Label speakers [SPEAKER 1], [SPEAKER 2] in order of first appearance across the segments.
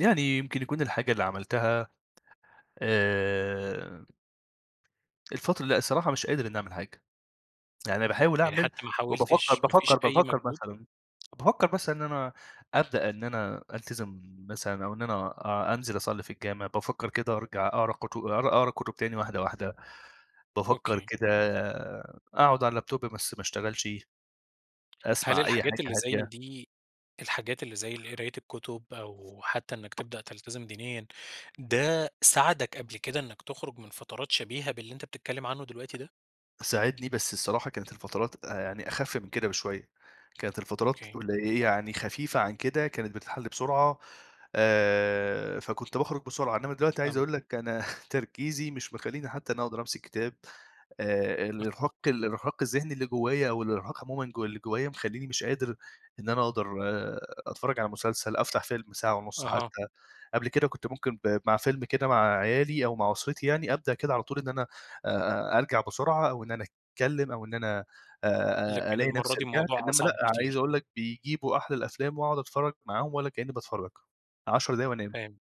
[SPEAKER 1] يعني يمكن يكون الحاجة اللي عملتها آآ الفترة لأ الصراحة مش قادر إن أعمل حاجة. يعني باحاول
[SPEAKER 2] يعني
[SPEAKER 1] أعمل
[SPEAKER 2] حتّى ما
[SPEAKER 1] وبافكّر
[SPEAKER 2] حاولتش، ما
[SPEAKER 1] بافكّر
[SPEAKER 2] فيش أي
[SPEAKER 1] بافكّر
[SPEAKER 2] مجهود؟
[SPEAKER 1] مثلًا، بافكّر مثلًا إن أنا أبدأ إن أنا ألتزم مثلًا أو إن أنا أ أنزل أصلّي في الجامعة، بافكّر كده أرجع أقرا كت أ أقرا كُتب تاني واحدة، واحدة، بافكّر
[SPEAKER 2] أوكي.
[SPEAKER 1] كده أقعد على اللاب توب بس ما أشتغلش،
[SPEAKER 2] هل
[SPEAKER 1] أسمع أي
[SPEAKER 2] الحاجات
[SPEAKER 1] حاجة
[SPEAKER 2] اللي زي
[SPEAKER 1] هادية.
[SPEAKER 2] دي الحاجات اللي زي القراية الكُتب أو حتّى إنّك تبدأ تَلتزم دينيًا، ده ساعدك قبل كده إنّك تخرُج من فترات شبيهة باللي أنت بتتكلّم عنّه دلوقتي ده؟
[SPEAKER 1] ساعدني، بس الصراحة كانت الفترات آآ يعني أخِف من كده بشوية. كانت الفترات
[SPEAKER 2] أوكي.
[SPEAKER 1] قلي يعني خفيفة عن كده كانت بتتحل بسرعة، آآ فكنت باخرُج بسرعة، إنّما دلوقتي عايز
[SPEAKER 2] أم
[SPEAKER 1] أقول لك أنا تركيزي مش مخلّيني حتّى أنا أقدر أمسك كتاب. آآ
[SPEAKER 2] مفهوم.
[SPEAKER 1] الإرهاق الإرهاق الذهني اللي جوّايا والإرهاق عمومًا جو اللي جوّايا مخلّيني مش قادر إن أنا أقدر أتفرّج على مسلسل، أفتح فيلم ساعة ونُص
[SPEAKER 2] أها.
[SPEAKER 1] حتّى قبل كده كنت ممكن ب مع فيلم كده مع عيالي أو مع أسرتي يعني، أبدأ كده على طول إن أنا آآ أرجع بسرعة أو إن أنا أتكلّم أو إن أنا آآ أ
[SPEAKER 2] لكن
[SPEAKER 1] ألاقي
[SPEAKER 2] المرة
[SPEAKER 1] نفسي
[SPEAKER 2] دي
[SPEAKER 1] رجعت،
[SPEAKER 2] الموضوع
[SPEAKER 1] إنمّا لأ
[SPEAKER 2] أصعب
[SPEAKER 1] عايز
[SPEAKER 2] بكتير.
[SPEAKER 1] أقول لك بيجيبوا أحد الأفلام وأقعد أتفرّج معاهم ولا كإنّي باتفرّج، 10 دقايق وأنام.
[SPEAKER 2] فاهم.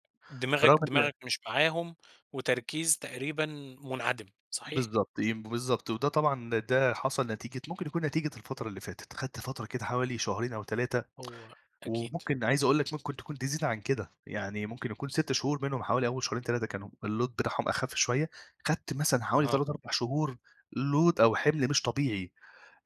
[SPEAKER 1] برغم
[SPEAKER 2] دماغك
[SPEAKER 1] إن
[SPEAKER 2] دماغك مش معاهم وتركيز تقريبًا مُنعدِم، صحيح؟
[SPEAKER 1] بالضبط يم بالضبط. وده طبعًا ده حصل نتيجة ممكن يكون نتيجة الفترة اللي فاتت. خدت فترة كده حوالي شهرين أو 3
[SPEAKER 2] هو أكيد.
[SPEAKER 1] وممكن عايز أقول لك ممكن تكون تزيد عن كده. يعني ممكن يكون 6 شهور منهم حوالي أول شهرين، 3 كانوا الload بتاعهم أخِف شوية، خدت مثلًا حوالي
[SPEAKER 2] أها.
[SPEAKER 1] 3، 4 شهور load أو حِمل مش طبيعي.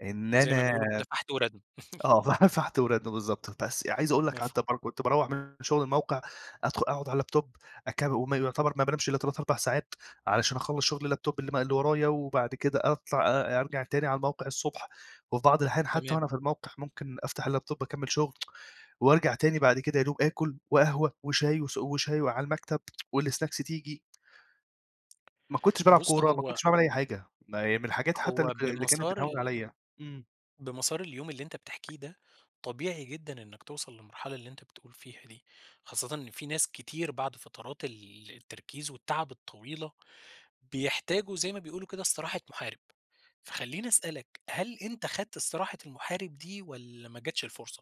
[SPEAKER 1] إن
[SPEAKER 2] زي ما
[SPEAKER 1] أنا
[SPEAKER 2] بيقولوا كده فحَْت ورَدْم.
[SPEAKER 1] آه، ف فَحْت ورَدْم بالضبط. بس عايز أقول لك قعدت اب
[SPEAKER 2] مفهوم.
[SPEAKER 1] كنت باروح من شُغل الموقع، أدخُل أقعد على اللاب توب اك وما يعتبر ما بانامش إلّا 3، 4 ساعات علشان أخلّص شُغل اللاب توب اللي م اللي ورايا وبعد كده أطلع أ أرجع تاني على الموقع الصبح وفي بعض الأحيان حتّى
[SPEAKER 2] تمام.
[SPEAKER 1] وأنا في الموقع، ممكن أفتح اللاب توب أكمّل شُغل وأرجع تاني بعد كده يا دوب آكُل وقهوة وشاي وس وشاي وعلى المكتب والسناكس تيجي. ما كنتش بالعب
[SPEAKER 2] بُص،
[SPEAKER 1] كورة، ما
[SPEAKER 2] هو
[SPEAKER 1] كنتش باعمل أي حاجة، م من الحاجات حتّى اللي
[SPEAKER 2] هو
[SPEAKER 1] ك اللي كانت
[SPEAKER 2] بمسار
[SPEAKER 1] بتهوّن
[SPEAKER 2] ال
[SPEAKER 1] عليّا. إمم.
[SPEAKER 2] بمسار اليوم اللي أنت بتحكيه ده، طبيعي جدًا إنّك توصل للمرحلة اللي أنت بتقول فيها دي. خاصةً إن في ناس كتير بعد فترات ال التركيز والتعب الطويلة، بيحتاجوا زي ما بيقولوا كده استراحة محارب، فخلّيني أسأل لك هل أنت خدت استراحة المحارب دي والّا ما جاتش الفرصة؟